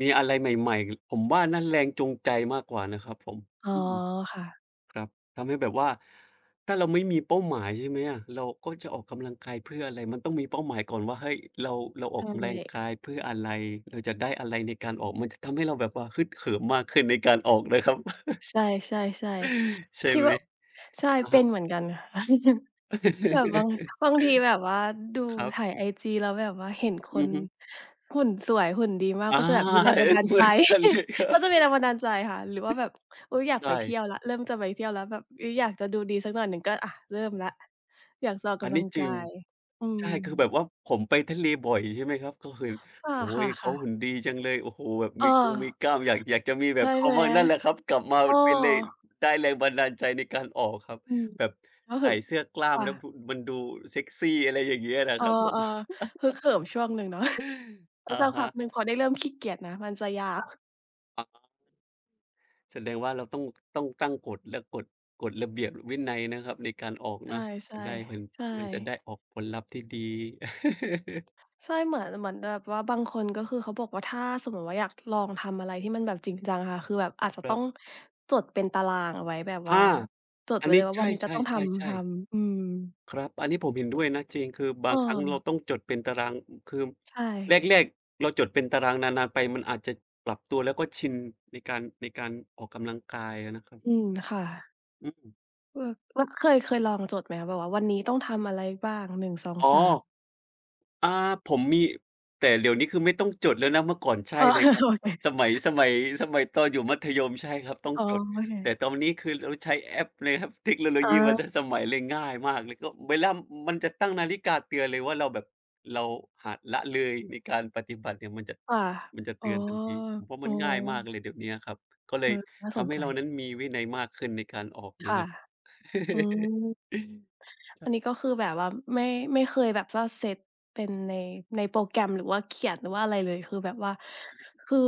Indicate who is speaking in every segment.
Speaker 1: มีอะไรใหม่ ๆ ห ผมว่า นั่นแรงจูงใจมากกว่านะครับผม
Speaker 2: อ๋อ
Speaker 1: อืม
Speaker 2: ค่ะ
Speaker 1: ครับ ทำให้แบบว่า ถ้าเราไม่มีเป้าหมาย ใช่ไหมอะ เราก็จะออกกำลังกายเพื่ออะไร? มันต้องมีเป้าหมายก่อนว่า เฮ้ย เรา เราอ
Speaker 2: ใช
Speaker 1: อกกำแรง
Speaker 2: ่
Speaker 1: กายเพื่ออะไร เออ จะได้อะไรในการออก? มันจะทำให้เราแบบว่า ฮึกเหิม มากขึ้น ในการออกเลยครับ
Speaker 2: ใช่ ๆ
Speaker 1: ใช่
Speaker 2: ๆ คิ
Speaker 1: ไ
Speaker 2: ด
Speaker 1: หม?
Speaker 2: ว่า ใช่
Speaker 1: อะ
Speaker 2: เป
Speaker 1: ฮ
Speaker 2: ็
Speaker 1: ะ
Speaker 2: นเหมือนกัน แบบบาง บางทีแบบว่า ดู
Speaker 1: ครับ
Speaker 2: ถ่ายไอจีแล้วแบบว่าเห็นค
Speaker 1: อื
Speaker 2: น
Speaker 1: อฮึ
Speaker 2: หุ่นสวย หุ่นดีมาก
Speaker 1: อา
Speaker 2: ก็จะแบบมีแรง
Speaker 1: เห
Speaker 2: บัน
Speaker 1: ย
Speaker 2: ดาล
Speaker 1: เหม
Speaker 2: ใจ
Speaker 1: ือนกันเลยครั
Speaker 2: ก
Speaker 1: บ
Speaker 2: ็จะมีแรงบันดาลใจค่ะ หรือว่าแบบ อุ๊ย อยาก
Speaker 1: ใช
Speaker 2: ไปเที่
Speaker 1: ่
Speaker 2: ยวแล้ว เริ่มจะไปเที่ยวแล้วแบบ อือ อยากจะดูดีสักหน่อยหนึ่ง ก็ อะ เริ่มแล้ว อยากจะออกก
Speaker 1: อัน
Speaker 2: ำล
Speaker 1: น
Speaker 2: ั
Speaker 1: ี้
Speaker 2: ง
Speaker 1: จ
Speaker 2: ก
Speaker 1: ร
Speaker 2: า
Speaker 1: ิง
Speaker 2: ย อื
Speaker 1: ใช่ คือแบ
Speaker 2: ม
Speaker 1: บว่าผมไปทะเลบ่อย ใช่ไหมครับ ก็คือ
Speaker 2: ค
Speaker 1: โอ้โฮ
Speaker 2: ่
Speaker 1: เขา
Speaker 2: ะ ๆ ๆ
Speaker 1: หุ่นดีจังเลย โอ้โฮ แบบ
Speaker 2: อ
Speaker 1: มีกงมี
Speaker 2: า
Speaker 1: กล้าม อยาก อยากจะมีแ
Speaker 2: ใ
Speaker 1: บ
Speaker 2: ช่
Speaker 1: บเข
Speaker 2: ไ
Speaker 1: า
Speaker 2: หม?
Speaker 1: มั่ง นั่นแหละครับ กลับมา
Speaker 2: เอ
Speaker 1: มันเป็นแรง
Speaker 2: อ
Speaker 1: ได้แรงบันดาลใจในการออกครับ
Speaker 2: อืม
Speaker 1: แบบ
Speaker 2: รู้
Speaker 1: ใส
Speaker 2: สึ
Speaker 1: ่
Speaker 2: ก
Speaker 1: เสื้อกล้
Speaker 2: ค
Speaker 1: าม
Speaker 2: ่
Speaker 1: แล้ว
Speaker 2: ะ
Speaker 1: พุงมันดูเซกซี อะไรอย่างเงี้ย นะ
Speaker 2: เออ
Speaker 1: ครับผม
Speaker 2: ๆ ฮึกเหิมช่วงหนึ่ง เนาะ แล้
Speaker 1: อ
Speaker 2: ว
Speaker 1: ะ
Speaker 2: สัก
Speaker 1: ฮ
Speaker 2: พ
Speaker 1: ะ
Speaker 2: ักหนึ่งพอได้เริ่ม ขี้เกียจนะ มันจะยาว
Speaker 1: อา แสดงว่าเราต้อง ต้องตั้งกฎ และกฎ กฎระเบียบวินัยนะครับ ในการออก
Speaker 2: ใช
Speaker 1: น
Speaker 2: ่
Speaker 1: ะ จะได้เป็น
Speaker 2: ๆ ใช
Speaker 1: มันจะไ
Speaker 2: ่
Speaker 1: ด้ออกผลลัพธ์ ที่ดี
Speaker 2: ใช่ เหมือน เหมือนแบบว่าบางคน ก็คือเขาบอกว่าถ้าสมมุติว่า อยากจะลองทำอะไร ที่มันแบบจริงจังอะ คือแบบอาจจะ
Speaker 1: ค
Speaker 2: ต
Speaker 1: ร
Speaker 2: ้
Speaker 1: ั
Speaker 2: อ
Speaker 1: บ
Speaker 2: งจดเป็นตารางเอาไว้แบบ
Speaker 1: อ
Speaker 2: ว่า
Speaker 1: า
Speaker 2: จด
Speaker 1: อั
Speaker 2: ไว
Speaker 1: น
Speaker 2: ้
Speaker 1: น
Speaker 2: เล
Speaker 1: ี้
Speaker 2: ยว่า
Speaker 1: ใช
Speaker 2: วันนี้จะต้องทำ ท
Speaker 1: ่ ๆ ๆ ๆ
Speaker 2: ำ อืม
Speaker 1: ครับ อันนี้ผมเห็นด้วยนะ จริง คือบา
Speaker 2: เ
Speaker 1: งครั้งเรา
Speaker 2: ออ
Speaker 1: ต้องจดเป็นตาราง คือ
Speaker 2: ใช
Speaker 1: แ
Speaker 2: ่
Speaker 1: รก ๆ เราจดเป็นตาราง นาน ๆ ไปมันอาจจะปรับตัว แล้วก็ชินในการ ในการออกกำลังกายอะนะครับ
Speaker 2: อืม ค่ะ
Speaker 1: อืม
Speaker 2: เออ แล้วเคย เคยลองจดไหมคะ? แบบว่า วันนี้ต้องทำอะไรบ้าง หนึ่ง สอง
Speaker 1: อ๋อ
Speaker 2: สาม?
Speaker 1: อา ผมมี แต่เดี๋ยวนี้คือไม่ต้องจดแล้วนะ เมื่อก่อนใช่
Speaker 2: อ๋อ
Speaker 1: เล
Speaker 2: เอ
Speaker 1: ย
Speaker 2: อ
Speaker 1: ครับ
Speaker 2: โอเค
Speaker 1: สมัย สมัย สมัยตอนอยู่มัธยม ใช่ครับต้อง
Speaker 2: อ๋อ
Speaker 1: จด
Speaker 2: โอเ
Speaker 1: แต่
Speaker 2: ค
Speaker 1: ตอนนี้คือเราใช้แอปเลยครับ เทคโนโล
Speaker 2: อ
Speaker 1: ยีมา
Speaker 2: า
Speaker 1: ตั้งสมัย เลยง่ายมากเลย ก็เวลา อ มันจะตั้งนาฬิกาเตือนเลยว่า เราแบบเราหา ละเลยในการปฏิบัติเนี่ย มันจะ
Speaker 2: ค่ะ
Speaker 1: มันจะเ
Speaker 2: อ
Speaker 1: ต
Speaker 2: ๋อ
Speaker 1: ือนทันที ผมว่า
Speaker 2: เอ
Speaker 1: มั
Speaker 2: อ
Speaker 1: นง่ายมากเลยเดี๋ยวเนี้ยครับ ก็เล
Speaker 2: เอ
Speaker 1: ย
Speaker 2: อ น่า
Speaker 1: ท
Speaker 2: สน
Speaker 1: ำให้
Speaker 2: ใจ
Speaker 1: เรานั้นมีวินัยมากขึ้นในการออก
Speaker 2: ค
Speaker 1: นะ
Speaker 2: ่ะ
Speaker 1: ครับ
Speaker 2: อืม
Speaker 1: ใช
Speaker 2: อั
Speaker 1: ่
Speaker 2: นนี้ก็คือแบบว่า ไม่ ไม่เคยแบบว่าเซตเป็นใน ในโปรแกรม หรือว่าเขียนว่าอะไรเลย คือแบบว่า คือ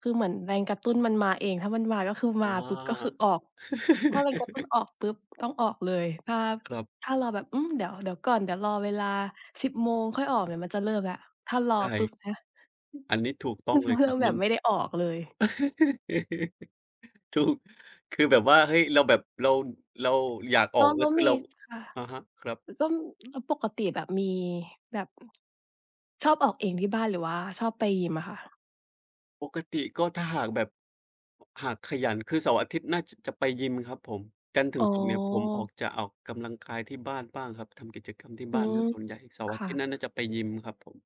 Speaker 2: คือเหมือนแรงกระตุ้นมันมาเอง ถ้ามันมา ก็คือ
Speaker 1: อ
Speaker 2: ม
Speaker 1: ๋
Speaker 2: าปุ๊บก
Speaker 1: อ
Speaker 2: ็คือออก ถ้าแรงกระตุ้นออกปุ๊บต้องออกเลย ถ้า
Speaker 1: ครับ
Speaker 2: ถ้ารอแบบ อืม เดี๋ยว เดี๋ยวก่อน เดี๋ยวรอเวลา 10 โมง
Speaker 1: อ อือ
Speaker 2: ค่อยออกเนี่ย มันจะเริ่มแล้ว ถ้ารอ
Speaker 1: ใช่
Speaker 2: ปุ๊บนะ
Speaker 1: อันนี้ถูกต้อ
Speaker 2: มั
Speaker 1: ง
Speaker 2: นจ
Speaker 1: เ
Speaker 2: ะ
Speaker 1: ลย
Speaker 2: ให้
Speaker 1: คร
Speaker 2: เ
Speaker 1: ั
Speaker 2: ร
Speaker 1: บ
Speaker 2: าแบ
Speaker 1: มั
Speaker 2: บ
Speaker 1: น
Speaker 2: ไม่ได้ออกเลย
Speaker 1: ถูก คือแบบว่า เฮ้ย เราแบบ เรา เราอยาก
Speaker 2: พ
Speaker 1: ออ
Speaker 2: อ
Speaker 1: ก แ
Speaker 2: เ
Speaker 1: ล
Speaker 2: ข
Speaker 1: ้ว
Speaker 2: า
Speaker 1: คื
Speaker 2: ม
Speaker 1: อ
Speaker 2: ี
Speaker 1: เรา
Speaker 2: ส ค่ะ
Speaker 1: อะฮะ ครับ
Speaker 2: อ ต้อง แล้วปกติแบบมี แบบ อือ ชอบออกเองที่บ้าน หรือว่าชอบไปยิมอะค่ะ?
Speaker 1: ปกติก็ถ้าหากแบบ หากขยัน คือเสาร์อาทิตย์น่า จ จะไปยิมครับผม จันทร์ถึ
Speaker 2: อ๋
Speaker 1: ง
Speaker 2: อ
Speaker 1: ศุกร์เนี่ย ผมอาจจะออกกำลังกายที่บ้านบ้างครับ ทำกิจกรรมที่
Speaker 2: อื
Speaker 1: บ้านเ
Speaker 2: ม
Speaker 1: สียส่วนใหญ่ เสาร
Speaker 2: ค
Speaker 1: ์อา
Speaker 2: ่
Speaker 1: ทิตย
Speaker 2: ะ
Speaker 1: ์นั้นน่าจะไปยิมครับผม